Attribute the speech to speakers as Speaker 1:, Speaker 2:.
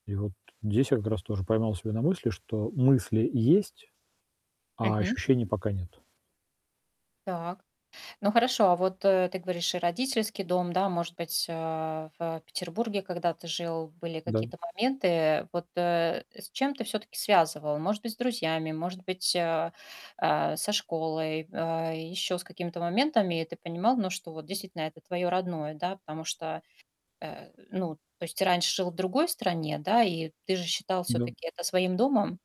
Speaker 1: И вот здесь я как раз тоже поймал себя на мысли, что мысли есть, а
Speaker 2: Мгм.
Speaker 1: ощущений пока нет.
Speaker 2: Так. Ну, хорошо, а вот, э, ты говоришь, и родительский дом, да. Может быть, а, в Петербурге, когда ты жил, были
Speaker 1: Да.
Speaker 2: какие-то моменты? Вот, э, с чем ты всё-таки связывал? Может быть, с друзьями, может быть, а, э, со школой, э, ещё с какими-то моментами. И ты понимал, ну, что вот действительно это твоё родное, да. Потому что, э, ну, то есть ты раньше жил в другой стране, да, и ты же считал
Speaker 1: Да.
Speaker 2: всё-таки это своим домом?